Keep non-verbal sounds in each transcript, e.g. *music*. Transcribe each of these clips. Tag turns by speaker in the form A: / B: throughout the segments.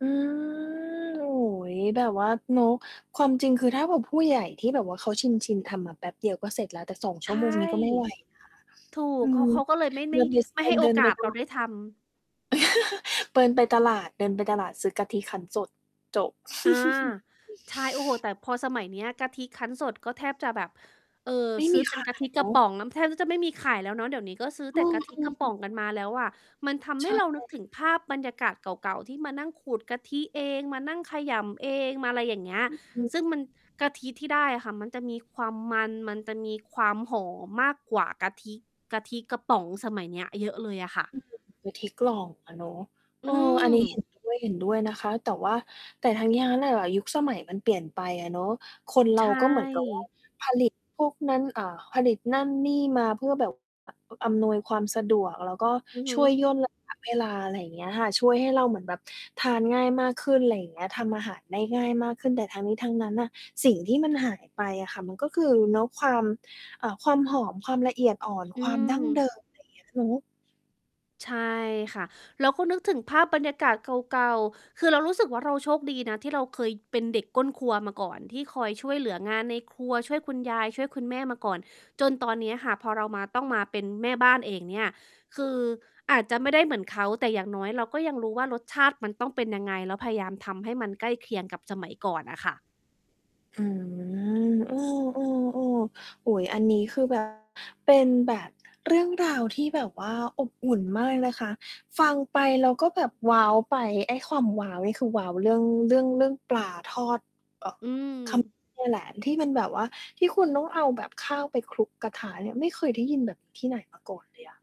A: อืม โอ้โฮ แบบว่าเนาะ ความจริงคือถ้าแบบผู้ใหญ่ที่แบบว่าเขาชิน ๆ ทำอะ แป๊บเดียวก็เสร็จแล้ว แต่ 2
B: ใ
A: ช
B: ช
A: ั่ว
B: ่
A: โมง นี่ก็ไม่ไหวนะ
B: ถูก
A: อื
B: เข
A: ม
B: า เขาก็เลยไม่ ไ
A: ร
B: ม่
A: วม
B: ไม่
A: ต
B: ใ
A: อ
B: ห้
A: น
B: โ
A: เ
B: อ
A: ดิน
B: กา
A: ไป
B: ส
A: ส ต
B: เรา
A: ลา
B: ได้
A: ด
B: ทำ
A: *chuckles* เดินไปตลาด เดินไปตลาด ซื้อกะทิคั้นสด จบ
B: อา
A: *giggles*
B: ใช่ โอ้โฮ แต่พอสมัยเนี้ย กะทิคั้นสดก็แทบจะแบบ เอ่อ
A: ไม่
B: ซื
A: ม
B: ้
A: ี
B: อเป
A: ข
B: ็นก
A: า
B: ะท
A: ย
B: ิก
A: เน
B: ร
A: า
B: ะ
A: ะ
B: ป๋องน้ำแทบจะไม่มีขายแล้วเนาะ เดี๋ยวนี้ก็ซื้อ
A: อื
B: แต่ก
A: ม
B: ะทิ
A: อื
B: กระป๋อ
A: ม
B: งกันมาแล้วอะ มันทำ
A: ใ
B: ให
A: ช
B: ้
A: ่
B: เรานึกถึงภาพบรรยากาศเก่า ๆ ที่มานั่งขูดกะทิเอง มานั่งขยำเอง มาอะไรอย่างเงี้ย
A: อือฮึ
B: ซึ่งมัน กะทิที่ได้อะค่ะ มันจะมีความมัน มันจะมีความหอมมากกว่ากะทิ กะทิกระป๋องสมัยเนี้ยเยอะเลยอะค่ะ
A: อือ กะทิกล่องอะเนาะ
B: อื
A: เออ อันนี้ เ
B: ม
A: ห็น ด้วย เห็นด้วยนะคะ แต่ว่า แต่ทั้งนี้ทั้งนั้นอะ ยุคสมัยมันเปลี่ยนไปอะเนาะ คน
B: ใ
A: เร
B: ช
A: าก็เหมือนกับ ว่า
B: ่
A: ผลิตพวกนั้น อ่า ผลิตนั่นนี่มาเพื่อแบบ อำนวยความสะดวก แล้วก็
B: อือฮ
A: ช
B: ึ
A: ่วยย่น ระยะ เวลา อะไรอย่างเงี้ยค่ะ ช่วยให้เราเหมือนแบบทานง่ายมากขึ้น อะไรอย่างเงี้ย ทำอาหารได้ง่ายมากขึ้น แต่ทั้งนี้ทั้งนั้นน่ะ สิ่งที่มันหายไปอะค่ะ มันก็คือ เนาะ ความ อ่า ความหอม ความละเอียดอ่อน
B: อื
A: ความดั้ง
B: ม
A: เดิม อะไรเงี้ย อือฮึ
B: ใช่ค่ะ เราก็นึกถึงภาพบรรยากาศเก่า ๆ คือเรารู้สึกว่า เราโชคดีนะที่เราเคยเป็นเด็กก้นครัวมาก่อน ที่คอยช่วยเหลืองานในครัว ช่วยคุณยาย ช่วยคุณแม่มาก่อน จนตอนเนี้ยค่ะ พอเรามา ต้องมาเป็นแม่บ้านเองเนี่ย คืออาจจะไม่ได้เหมือนเขา แต่อย่างน้อยเราก็ยังรู้ว่ารสชาติ มันต้องเป็นยังไง แล้วพยายามทำให้มันใกล้เคียงกับสมัยก่อนน่ะค่ะ
A: อืม เออ ๆ ๆ อุ๊ย อันนี้คือ แบบ เป็นแบบเรื่องราวที่แบบว่าอบอุ่นมากนะคะ ฟังไปแล้วก็แบบว้าวไป ไอ้ความว้าวนี่คือ ว้าวเรื่อง เรื่อง เรื่องปลาทอด เอ่อ
B: อื
A: ขมิ
B: ม
A: ้น นี่แหละ ที่มันแบบว่าที่คุณต้องเอาแบบข้าวไปคลุกกระทะเนี่ย ไม่เคยได้ยินแบบนี้ที่ไหนมาก่อนเลยอะ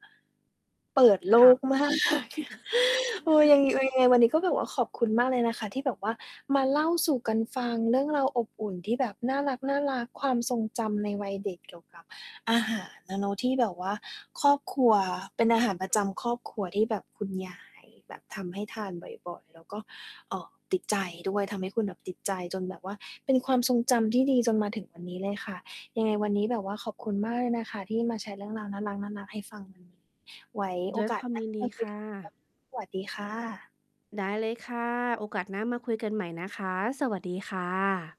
A: เปิดโล
B: ค่ะ
A: ก มาก *chuckles* เออ ยั
B: *chuckles*
A: งไง ยังไงวันนี้ก็แบบว่าขอบคุณมากเลยนะคะ ที่แบบว่ามาเล่าสู่กันฟัง เรื่องราวอบอุ่นที่แบบน่ารัก ๆ ความทรงจำในวัยเด็กเกี่ยวกับอาหารอะเนาะ ที่แบบว่าครอบครัว เป็นอาหารประจำครอบครัวที่แบบคุณยายแบบทำให้ทานบ่อย ๆ แล้วก็ เอ่อ ติดใจด้วย ทำให้คุณแบบติดใจจนแบบว่าเป็นความทรงจำที่ดีจนมาถึงวันนี้เลยค่ะ ยังไงวันนี้แบบว่าขอบคุณมากเลยนะคะที่มาแชร์เรื่องราวน่ารัก ๆ ให้ฟัง ไว้
B: ด
A: โอ
B: ้วย
A: ก
B: ค
A: าส
B: วาม
A: หน้
B: ย
A: า
B: ินด
A: ม
B: ี
A: าค
B: ค
A: ุย
B: ่
A: กันใหม่นะค
B: ะ
A: ะ สวัสดีค่ะ
B: ได้เลยค่ะ โอกาสหน้ามาคุยกันใหม่นะคะ สวัสดีค่ะ